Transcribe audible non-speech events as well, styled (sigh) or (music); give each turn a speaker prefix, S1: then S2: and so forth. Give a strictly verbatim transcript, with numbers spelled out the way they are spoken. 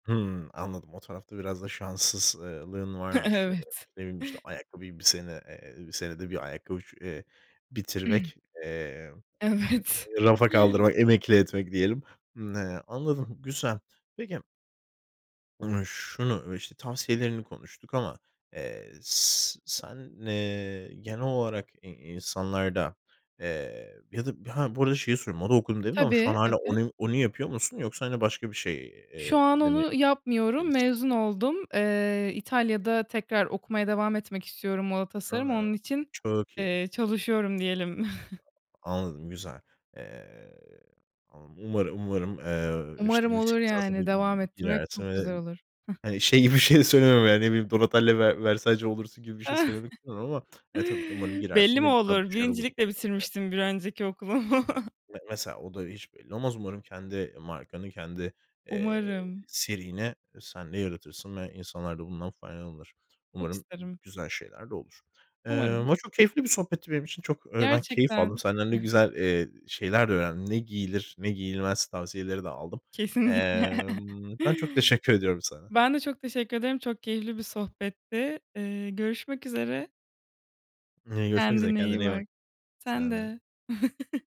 S1: Hımm, anladım. O tarafta biraz da şanssız ııı, lığın
S2: (chuckles)
S1: varmış. Iıı,
S2: Evet.
S1: ne bileyim, işte, ayakkabıyı bir sene eee, senede bir ayakkabı ç eee,
S2: (clears throat)
S1: bitirmek, eee,
S2: Evet.
S1: eee, rafa kaldırmak, emekli etmek diyelim. Imm, he, anladım, güzel. Peki ımm, şunu, işte, tavsiyelerini konuştuk ama, eee, s sen, eee, genel olarak i insanlarda, eee, ya da Ha, bu arada şeyi söylüyorum, "moda okudum" dedin şu an
S2: Tabii,
S1: hâlâ
S2: evet.
S1: onu onu yapıyor musun yoksa hani başka bir şey
S2: Şu an
S1: eee, de mi
S2: onu yapmıyorum,
S1: gerisi?
S2: mezun oldum. Eee, İtalya'da tekrar okumaya devam etmek istiyorum moda tasarımı,
S1: A,
S2: onun için,
S1: Çok iyi.
S2: eee, çalışıyorum diyelim. (chuckles)
S1: Anladım, güzel. Eee, umarım, umarım, eee, işte
S2: Umarım
S1: yüksek
S2: olur
S1: lisansa da
S2: yani, devam ettirmek
S1: girersin
S2: çok güzel
S1: ve
S2: olur. Hıh
S1: hani şey gibi bir şey söylemem yani, ne bileyim, Donatella Ver Versace olursun gibi bir şey söylemek istemiyorum ama,
S2: (chuckles)
S1: eee, tabii ki umarım
S2: Belli
S1: girersin
S2: mi
S1: ve (unintelligible)
S2: olur?
S1: başarılı
S2: Birincilikle
S1: (unintelligible)
S2: bitirmiştim bir önceki okulumu.
S1: Me mesela o da hiç belli olmaz. Umarım kendi markanı, kendi, eee,
S2: Umarım.
S1: serini sen de yaratırsın ve insanlar da bundan faydalanır.
S2: Çok
S1: Umarım g
S2: isterim.
S1: güzel şeyler de olur. Eee,
S2: Umarım.
S1: ama çok keyifli bir sohbetti benim için. Çok, eee, ben keyif aldım.
S2: Gerçekten.
S1: Senden de
S2: (unintelligible)
S1: güzel, eee, şeyler de öğrendim. Ne giyilir, ne giyilmez tavsiyeleri de aldım.
S2: Kesinlikle.
S1: Emm, ben çok teşekkür ediyorum sana.
S2: Ben de çok teşekkür ederim. Çok keyifli bir sohbetti. Eee, görüşmek üzere.
S1: Iıı, görüşmek üzere.
S2: Kendine iyi
S1: Kendine iyi bak.
S2: bak. Sen
S1: Sen de.
S2: de. (chuckles)